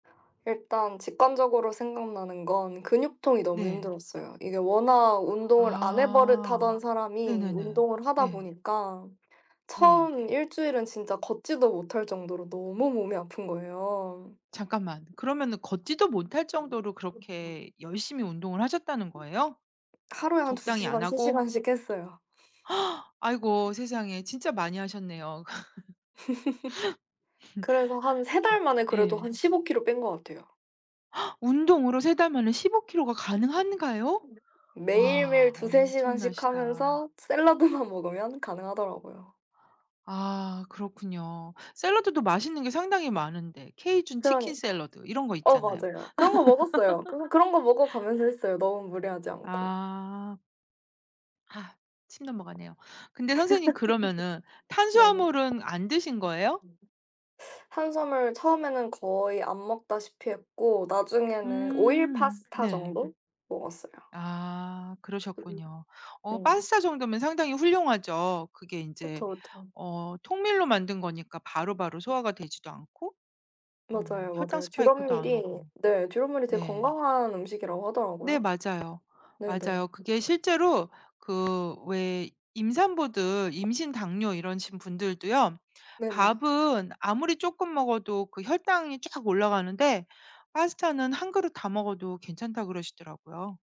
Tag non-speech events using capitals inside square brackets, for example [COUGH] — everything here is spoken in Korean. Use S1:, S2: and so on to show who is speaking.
S1: 일단 직관적으로 생각나는 건 근육통이 너무
S2: 네.
S1: 힘들었어요. 이게 워낙 운동을 안 해
S2: 아.
S1: 버릇하던 사람이
S2: 네네네.
S1: 운동을 하다
S2: 네.
S1: 보니까
S2: 네.
S1: 처음 일주일은 진짜 걷지도 못할 정도로 너무 몸이 아픈 거예요.
S2: 잠깐만. 그러면은 걷지도 못할 정도로 그렇게
S1: [UNINTELLIGIBLE]
S2: 열심히 운동을 하셨다는 거예요?
S1: 하루에 한 두
S2: 적당히
S1: 시
S2: 안
S1: 간, 3
S2: 하고?
S1: 시간씩 했어요.
S2: [GASPS] 아이고 세상에 진짜 많이 하셨네요.
S1: [CHUCKLES] 그래서 한
S2: [CHUCKLES]
S1: 3
S2: 그쵸.
S1: 달 만에 그래도
S2: 예.
S1: 한 15 kg 뺀 것 같아요.
S2: [GASPS] 운동으로 3 달 만에 15 kg가 가능한가요?
S1: 매일매일
S2: 와
S1: 2-3 간씩
S2: 엄청나시다.
S1: 하면서 샐러드만 먹으면 가능하더라고요.
S2: 아 그렇군요. 샐러드도 맛있는 게 상당히 많은데, 케이준 치킨
S1: 그러니까요.
S2: 샐러드 이런 거
S1: 어
S2: 있잖아요.
S1: 맞아요. 그런 거 먹었어요. 그런
S2: [LAUGHS]
S1: 그런 거 먹어 가면서 했어요, 너무 무리하지 않고.
S2: 아. 아. 침 넘어가네요. 근데 선생님 그러면은
S1: [CHUCKLES] 네네.
S2: 탄수화물은 안 드신 거예요?
S1: 탄수화물 처음에는 거의 안 먹다시피 했고 나중에는 오일
S2: 음.
S1: 파스타
S2: 네.
S1: 정도 먹었어요.
S2: 아
S1: 그
S2: 그러셨군요. 어
S1: 네.
S2: 파스타 정도면 상당히 훌륭하죠. 그게 인제
S1: 그쵸, 그쵸.
S2: 어 통밀로 만든 거니까 바로바로 소화가 되지도 않고. 어
S1: 맞아요,
S2: 혈당
S1: 맞아요.
S2: 스파이크도 안
S1: 듀럼밀이
S2: 오고.
S1: 네 듀럼밀이 되게
S2: 네.
S1: 건강한 음식이라고
S2: 네
S1: 하더라고요.
S2: 맞아요,
S1: 네네.
S2: 맞아요. 그게 실제로 그 왜 임산부들 임신 당뇨 이러신 분들도요.
S1: 네네.
S2: 밥은 아무리 쪼끔 먹어도 그 혈당이 쫙 올라가는데 파스타는 한 그릇 다 먹어도 괜찮다 그러시더라고요.